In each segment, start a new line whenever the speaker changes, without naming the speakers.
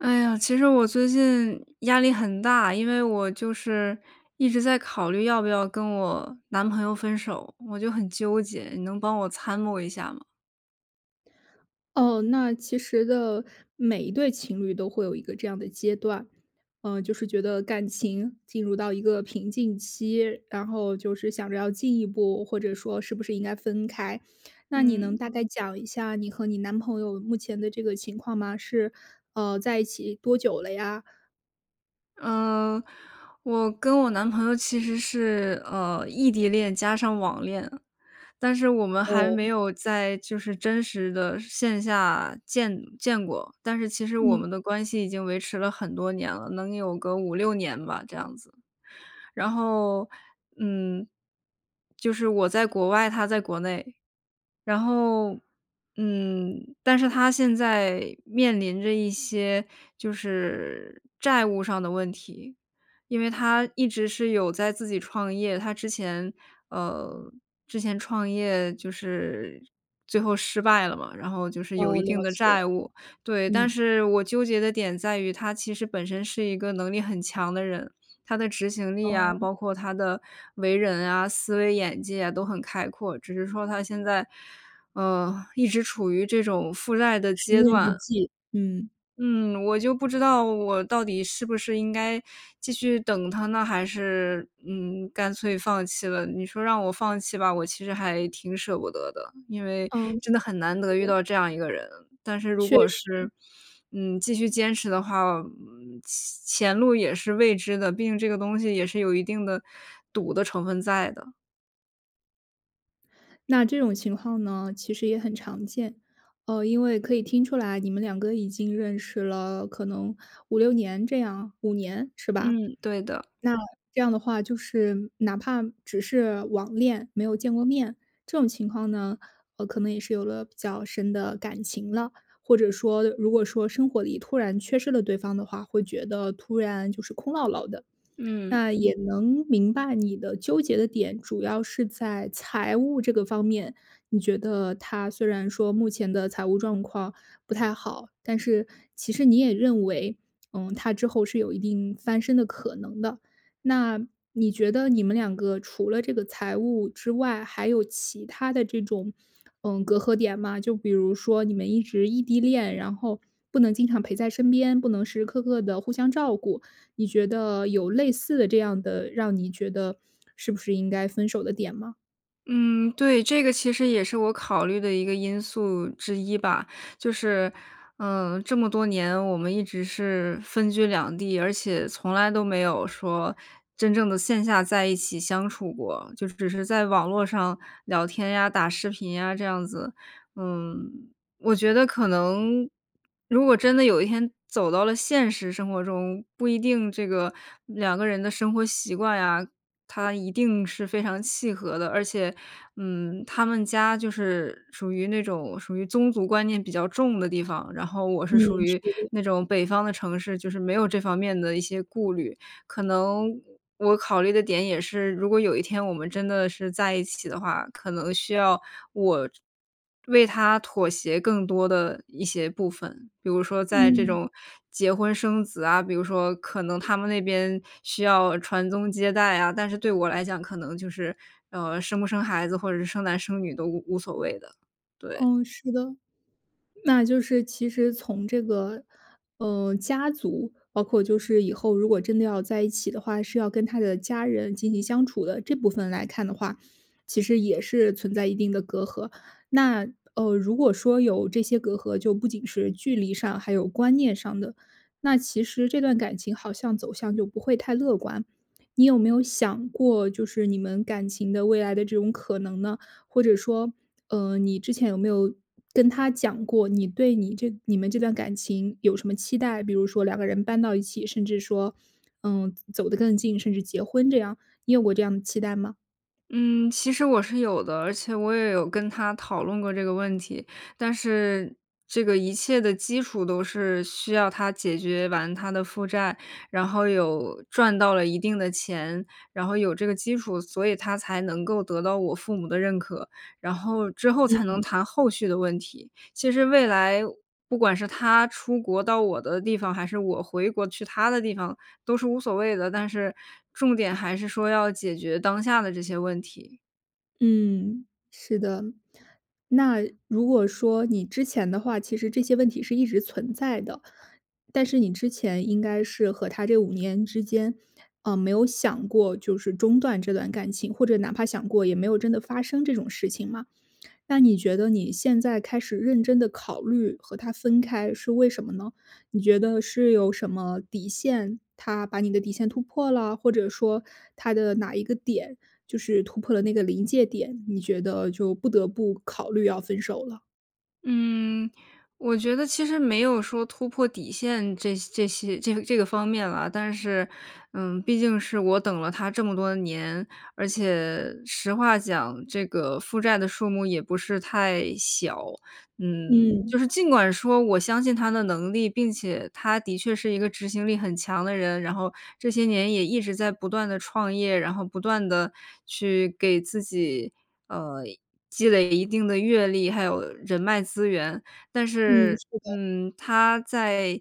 哎呀，其实我最近压力很大，因为我就是一直在考虑要不要跟我男朋友分手，我就很纠结，你能帮我参谋一下吗？
哦，那其实的，每一对情侣都会有一个这样的阶段。嗯，就是觉得感情进入到一个平静期，然后就是想着要进一步，或者说是不是应该分开。那你能
嗯。
大概讲一下你和你男朋友目前的这个情况吗？是，呃，在一起多久了呀？
呃，我跟我男朋友其实是，呃，异地恋加上网恋，但是我们还
哦。
没有在就是真实的线下见见过，但是其实我们
嗯。
的关系已经维持了很多年了，能有个5-6年吧，这样子。然后，嗯，就是我在国外，他在国内。然后，嗯，但是他现在面临着一些就是债务上的问题。因为他一直是有在自己创业，他之前，呃，之前创业就是最后失败了嘛，然后就是有
哦，
一定
了
的
解，
债务。对，但
嗯。
是我纠结的点在于他其实本身是一个能力很强的人，他的执行力啊，
哦。
包括他的为人啊、思维眼界都很开阔，只是说他现在，呃，一直处于这种负债的
时
阶
运不
段。
济，嗯。
嗯，我就不知道我到底是不是应该继续等他呢，还是，嗯，干脆放弃了。你说让我放弃吧，我其实还挺舍不得的，因为
嗯，好
真的很难得遇
的。
到这样一个人，但是如
确
果是，
实。
嗯，继续坚持的话，嗯，前前路也是未知的。毕竟这个东西也是有一定的赌的成分在的。
那这种情况呢，其实也很常见。呃，因为可以听出来，你们两个已经认识了，可能5-6年这样，5年，是吧？
嗯，对的。
那这样的话就是哪怕只是网恋，没有见过面，这种情况呢，呃，可能也是有了比较深的感情了。或者说如果说生活里突然缺失了对方的话，会觉得突然就是空落落的。
嗯。
那也能明白你的纠结的点主要是在财务这个方面，你觉得他虽然说目前的财务状况不太好，但是其实你也认为，嗯，他之后是有一定翻身的可能的。那你觉得你们两个除了这个财务之外，还有其他的这种，嗯，隔阂点吗？就比如说你们一直异地恋，然后不能经常陪在身边，不能时时刻刻地互相照顾，你觉得有类似的这样的让你觉得是不是应该分手的点吗？
嗯，对，这个其实也是我考虑的一个因素之一吧。就是，呃，这么多年，我们一直是分居两地，而且从来都没有说真正的线下在一起相处过，就只是在网络上聊天呀、打视频呀，这样子。嗯，我觉得可能，如果真的有一天走到了现实生活中，不一定这个2个人的生活习惯呀，它一定是非常契合的。而且，嗯，他们家就是属于那种属于宗族观念比较重的地方，然后我
嗯，
是属
是
于
的。
那种北方的城市，就是没有这方面的一些顾虑。可能我我考虑的点也是，如果有一天我们真的是在一起的话，可能需要我为他妥协更多的一些部分，比如说在这
嗯。
种结婚生子啊，比如说可能他们那边需要传宗接代啊。但是对我来讲可能就是，呃，生不生孩子或者是生男生女都无无所谓的，对。
嗯，是的。那就是其实从这个，呃，家族，包括就是以后如果真的要在一起的话，是要跟他的家人进行相处的，这部分来看的话，其实也是存在一定的隔阂。那，呃，如果说有这些隔阂，就不仅是距离上还有观念上的，那其实这段感情好像走向就不会太乐观。你有没有想过就是你们感情的未来的这种可能呢？或者说，呃，你之前有没有跟他讲过，你对你这你们这段感情有什么期待？比如说两个人搬到一起，甚至说，嗯，走得更近，甚至结婚这样，你有过这样的期待吗？
嗯，其实我是有的，而且我也有跟他讨论过这个问题，但是这个一切的基础都是需要他解决完他的负债，然后有赚到了一定的钱，然后有这个基础，所以他才能够得到我父母的认可。然后，之后才能
嗯。
谈后续的问题。其实未来，不管是他出国到我的地方，还是我回国去他的地方，都是无所谓的。但是重点还是说要解决当下的这些问题。
嗯，是的。那如果说你之前的话，其实这些问题是一直存在的，但是你之前应该是和他这5年之间，呃，没有想过就是中断这段感情，或者哪怕想过也没有真的发生这种事情吗？那你觉得你现在开始认真地考虑和他分开是为什么呢？你觉得是有什么底线，他把你的底线突破了？或者说他的哪一个点就是突破了那个临界点，你觉得就不得不考虑要分手了。
嗯，我觉得其实没有说突破底线这这些这个这个方面啦，但是，嗯，毕竟是我等了他这么多年，而且实话讲这个负债的数目也不是太小。嗯，
嗯。
就是尽管说我相信他的能力，并且他的确是一个执行力很强的人，然后这些年也一直在不断地创业，然后不断地去给自己，呃，积累一定的阅历，还有人脉资源，但
嗯，
是，
是的。
嗯，他在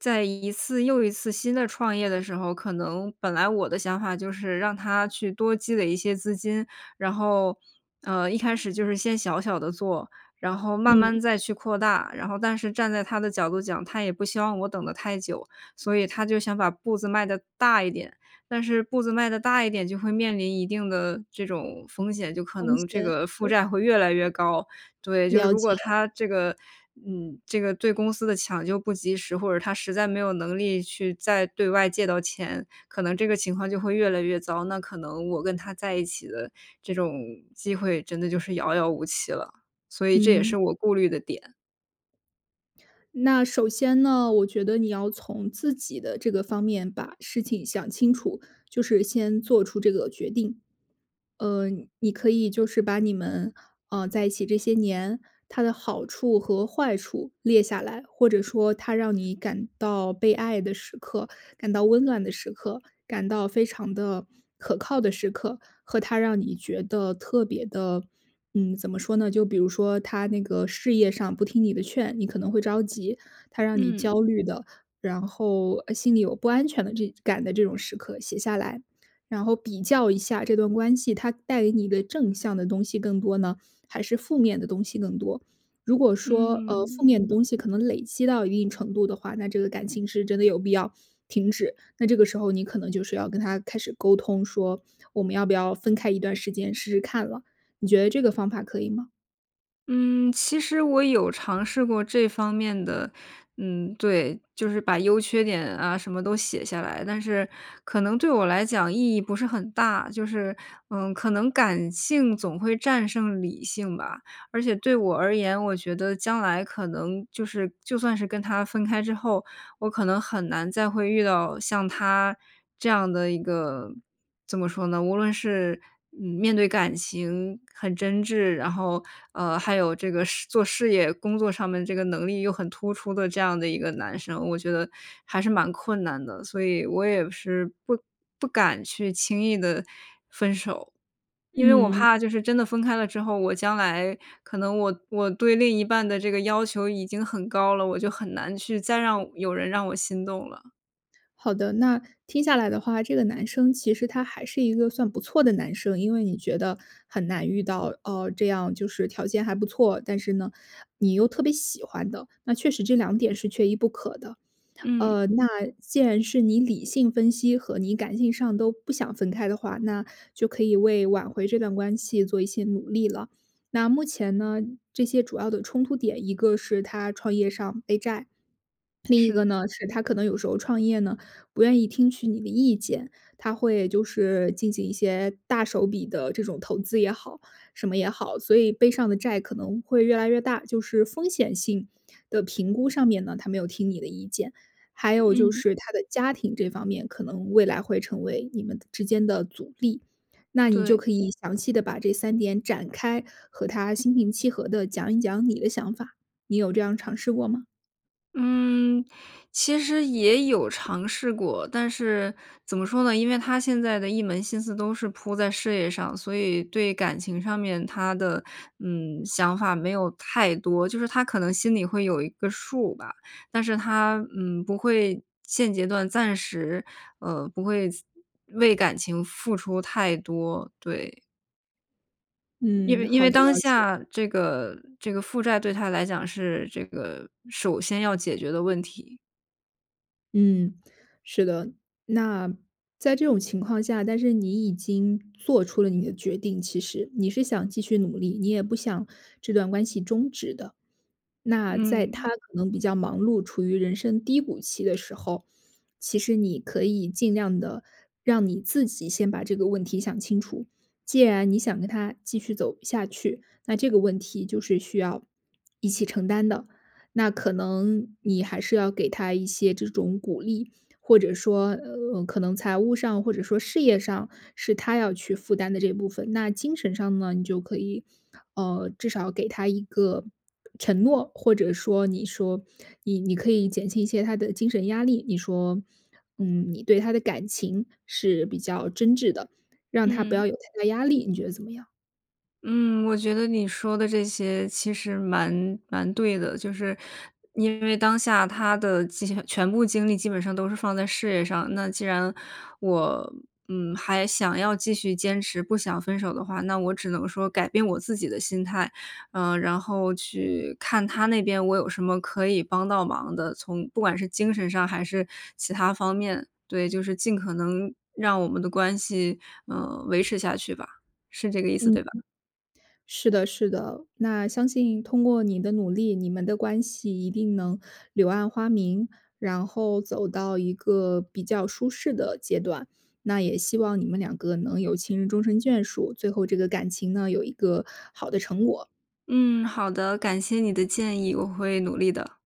在一次又一次新的创业的时候，可能本来我的想法就是让他去多积累一些资金，然后，呃，一开始就是先小小地做，然后慢慢
嗯。
再去扩大，然后但是站在他的角度讲，他也不希望我等得太久，所以他就想把步子迈得大一点。但是步子迈得大一点，就会面临一定的这种风险，就可
风
能这
险，
个负
嗯。
债会越来越高。对，就是
了
如果
解。
他这个嗯，这个对公司的抢救不及时，或者他实在没有能力去再对外借到钱，可能这个情况就会越来越糟，那可能我跟他在一起的这种机会真的就是遥遥无期了。所以这也
嗯。
是我顾虑的点。
那首先呢，我觉得你要从自己的这个方面把事情想清楚，就是先做出这个决定。呃，你可以就是把你们，呃，在一起这些年，它的好处和坏处列下来。或者说它让你感到被爱的时刻、感到温暖的时刻、感到非常地可靠的时刻，和它让你觉得特别的嗯，怎么说呢，就比如说他那个事业上不听你的劝，你可能会着急。他让你
嗯。
焦虑的，然后，呃，心里有不安全的这感的这种时刻写下来，然后比较一下这段关系，它带给你的正向的东西更多呢，还是负面的东西更多。如果说，呃，负
嗯。
面的东西可能累积到一定程度的话，那这个感情是真的有必要停止。那这个时候你可能就是要跟他开始沟通，说：“我们要不要分开一段时间？”试试看了，你觉得这个方法可以吗？
嗯，其实我有尝试过这方面的嗯，对，就是把优缺点啊什么都写下来，但是可能对我来讲意义不是很大，就是，呃，可能感性总会战胜理性吧。而且对我而言，我觉得将来可能就是就算是跟他分开之后，我可能很难再会遇到像他这样的一个，怎么说呢，无论是面对感情很真挚，然后，呃，还有这个事做事业工作上面这个能力又很突出的这样的一个男生。我觉得还是蛮困难的。所以我也是不不敢去轻易地分手。因为我
嗯。
怕就是真的分开了之后，我将来可能我我对另一半的这个要求已经很高了，我就很难去再让我有人让我心动了。
好的，那听下来的话，这个男生其实他还是一个算不错的男生，因为你觉得很难遇到，哦，这样就是条件还不错，但是呢，你又特别喜欢的，那确实这两点是缺一不可的。
嗯。
呃，那既然是你理性分析和你感性上都不想分开的话，那就可以为挽回这段关系做一些努力了。那目前呢，这些主要的冲突点，一个是他创业上背债，另一
是。
个呢，是他可能有时候创业呢，不愿意听取你的意见，他会就是进行一些大手笔的这种投资也好、什么也好，所以背上的债可能会越来越大。就是风险性的评估上面呢，他没有听你的意见。还有就
嗯。
是他的家庭这方面可能未来会成为你们之间的阻力。那你就
对。
可以详细地把这3点展开，和他心平气和地讲一讲你的想法。你有这样尝试过吗？
嗯，其实也有尝试过。但是怎么说呢，因为他现在的一门心思都是扑在事业上，所以对感情上面他的，嗯，想法没有太多，就是他可能心里会有一个数吧，但是他，嗯，不会现阶段暂时，呃，不会为感情付出太多，对。因
嗯，
为因
好
为
的，
当
了解。
下这个这个负债对他来讲是，这个首先要解决的问题。
嗯。是的。那在这种情况下，但是你已经做出了你的决定其实，你是想继续努力，你也不想这段关系终止的。那在他
嗯。
可能比较忙碌、处于人生低谷期的时候，其实你可以尽量地让你自己先把这个问题想清楚。既然你想跟他继续走下去，那这个问题就是需要一起承担的。那可能你还是要给他一些这种鼓励，或者说，呃，可能财务上，或者说事业上是他要去负担的这部分。那精神上呢，你就可以，呃，至少给他一个承诺，或者说你说，你你可以减轻一些他的精神压力，你说，嗯，你对他的感情是比较真挚的，让他不
嗯。
要有太大压力，你觉得怎么样？
嗯，我觉得你说的这些其实蛮蛮对的。就是因为当下他的精全部精力基本上都是放在事业上。那既然我，嗯，还想要继续坚持，不想分手的话，那我只能说改变我自己的心态，呃，然后去看他那边我有什么可以帮到忙的，从不管是精神上还是其它方面。对，就是尽可能让我们的关系，嗯，维持下去吧，是这个意思，
嗯，
对吧？
是的，是的，那相信通过你的努力，你们的关系一定能柳暗花明，然后走到一个比较舒适的阶段。那也希望你们两个能有情人终身眷属，最后这个感情呢，有一个好的成果。
嗯，好的，感谢你的建议，我会努力的。